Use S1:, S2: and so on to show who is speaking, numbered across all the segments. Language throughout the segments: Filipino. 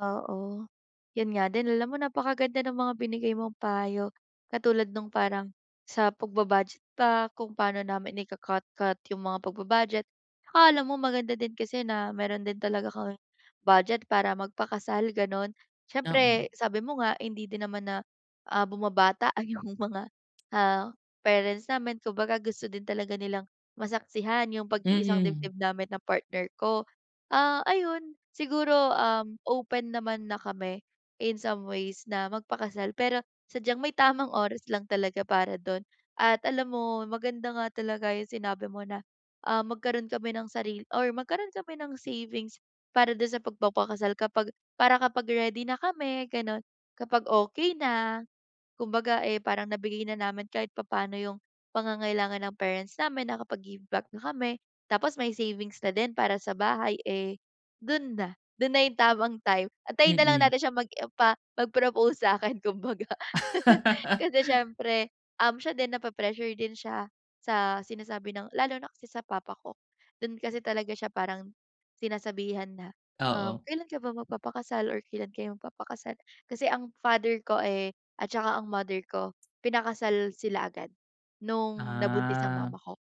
S1: Oo, yun nga din, alam mo napakaganda ng mga binigay mong payo. Katulad nung parang sa pagba-budget ba, kung paano namin ika-cut-cut yung mga pagba-budget. Akala mo maganda din kasi na, meron din talaga kaming budget para magpakasal gano'n.
S2: Na mm.
S1: Siyempre sabi mo nga, hindi din naman na, ah, bumabata yung mga ah, parents namin, kumbaga gusto din talaga nilang, masaksihan yung pag-iisang
S2: Mm.
S1: dibdib namin ng partner ko. Ah, ayun, siguro um, open naman na kami in some ways na magpakasal, pero sadyang may tamang oras lang talaga para dun. At alam mo maganda nga talaga yung sinabi mo na, ah, magkaroon kami ng sarili or magkaroon kami ng savings para dun sa pagpapakasal kapag para kapag ready na kami ganun, kapag okey na, kumbaga eh, parang nabigay na naman kahit papaano yung, pangangailangan ng parents namin, nakapag-give back na kami, tapos may savings na din para sa bahay eh, dun na dun na yung tamang time. Antayin na lang
S2: Mm.
S1: natin siyang mag-empa mag-propose sa'kin kumbaga, kasi siyempre siya din, nape-pressure din siya sa sinasabi ng lalo na kasi sa papa ko, dun kasi talaga siya parang sinasabihan na,
S2: Oo.
S1: "Kailan ka ba magpapakasal or kailan kayo magpapakasal" kasi ang father ko eh, at tsaka ang mother ko, pinakasal sila agad, nung nabuntis ang
S2: Ah.
S1: mama ko.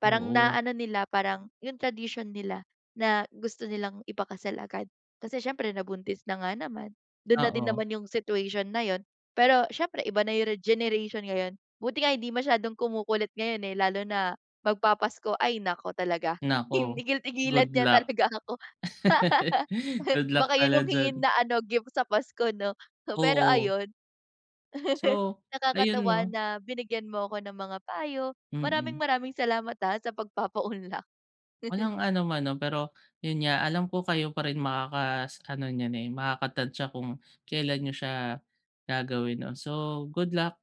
S1: Parang
S2: Oo.
S1: naano nila parang yung tradition nila na gusto nilang ipakasal agad. Kasi siyempre, nabuntis na nga naman, dun na din
S2: Oo.
S1: naman yung situation na yun. Pero siyempre iba na yung rege generation ngayon. Buti nga hindi masyadong kumukulit ngayon eh, lalo na magpapasko ay naku talaga. Hin
S2: Naku,
S1: tigil-tigilan
S2: good
S1: niya
S2: luck.
S1: talaga ako.
S2: Good luck,
S1: Baka yun,
S2: pala
S1: yung hingin
S2: diyan.
S1: na ano gift sa Pasko, 'no? Pero
S2: Oo.
S1: ayun,
S2: So, ayun,
S1: nakakatuwa
S2: 'no?
S1: na binigyan mo ko ng mga payo.
S2: Mm.
S1: Maraming-maraming salamat ha, sa pagpapaunlak.
S2: Walang anuman, 'no? Pero, yun nga, alam ko kayo pa rin makakas ano niyan eh, makakatantiya kung kailan niyo siya, gagawin 'no? So, good luck.